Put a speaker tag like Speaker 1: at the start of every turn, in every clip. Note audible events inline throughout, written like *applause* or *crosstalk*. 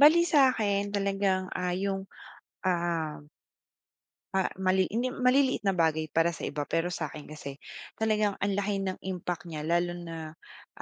Speaker 1: Bali sa'kin, talagang, ah, 'yong ah ah, mali hindi maliliit na bagay para sa iba pero sa akin kasi talagang ang laki ng impact niya lalo na,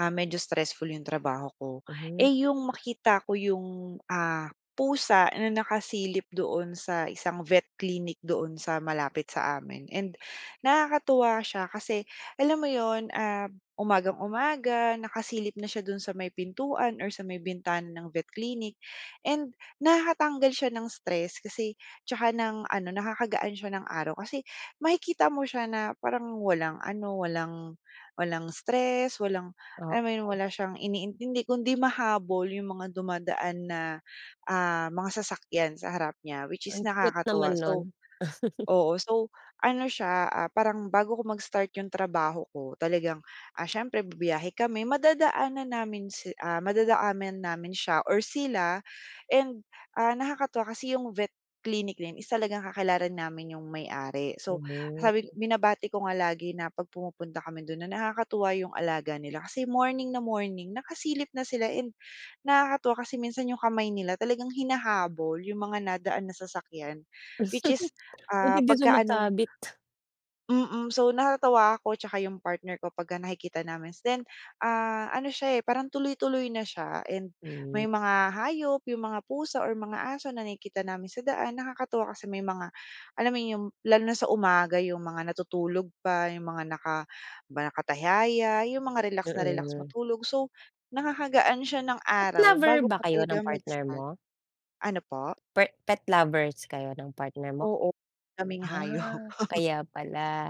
Speaker 1: ah, medyo stressful 'yong trabaho ko.
Speaker 2: Mhm.
Speaker 1: Eh, 'yong makikita ko 'yong, ah, pusa na nakasilip doon sa isang vet clinic doon sa malapit sa amin and, nakakatuwa siya kasi, alam mo 'yon, ah, umagang-umaga nakasilip na siya do'n sa may pintuan or sa may bintana ng vet clinic and nakakatanggal siya ng stress. Kasi 'tsaka ng ano nakakagaan siya ng araw kasi makikita mo siya na parang walang ano, walang walang stress, walang alam mo 'yon,
Speaker 2: Oo.
Speaker 1: wala siyang iniintindi kundi mahabol 'yong mga dumadaan na, ah, mga sasakyan sa harap niya, which is
Speaker 2: Ang cute naman
Speaker 1: nakakatuwa.
Speaker 2: no'n.
Speaker 1: So
Speaker 2: *chuckles*
Speaker 1: oo, so, ano siya, ah, parang bago ko mag-start 'yong trabaho ko, talagang, ah, siyempre bibiyahe kami, madadaanan namin si ah, madadaanan namin siya or sila and, ah, nakakatuwa kasi 'yong vet clinic na 'yon is talagang kakilala namin 'yong may-ari. So, sabi
Speaker 2: Mabuti.
Speaker 1: binabati ko nga lagi na pag pumupunta kami do'n na nakakatuwa 'yong alaga nila, kasi morning na morning nakasilip na sila. And nakakatuwa kasi minsan 'yong kamay nila talagang hinahabol 'yong mga nadaan na sasakyan, which is,
Speaker 2: *laughs* Buti
Speaker 1: ah,
Speaker 2: hindi
Speaker 1: pagka ano
Speaker 2: sumasabit?
Speaker 1: Mm, so natatawa ako 'tsaka 'yong partner ko pagka nakikita namin. Then, ah, ano siya, eh, parang tuloy-tuloy na siya and
Speaker 2: Hmm.
Speaker 1: may mga hayop, 'yong mga pusa or mga aso na nakikita namin sa daan nakakatuwa kasi may mga, alam mo 'yon, 'yong lalo na sa umaga 'yong mga natutulog pa, 'yong mga naka, 'di ba, nakatihaya, 'yong mga relax na relax
Speaker 2: Mm.
Speaker 1: matulog. So, nakakagaan siya ng
Speaker 2: Pet
Speaker 1: araw,
Speaker 2: lover
Speaker 1: bago
Speaker 2: ba
Speaker 1: pa
Speaker 2: kayo
Speaker 1: talaga
Speaker 2: ng partner
Speaker 1: mag-start.
Speaker 2: mo?
Speaker 1: Ano po?
Speaker 2: Per pet lovers kayo ng partner mo?
Speaker 1: Oo kaming hayop.
Speaker 2: Ah,
Speaker 1: *chuckles*
Speaker 2: kaya pala.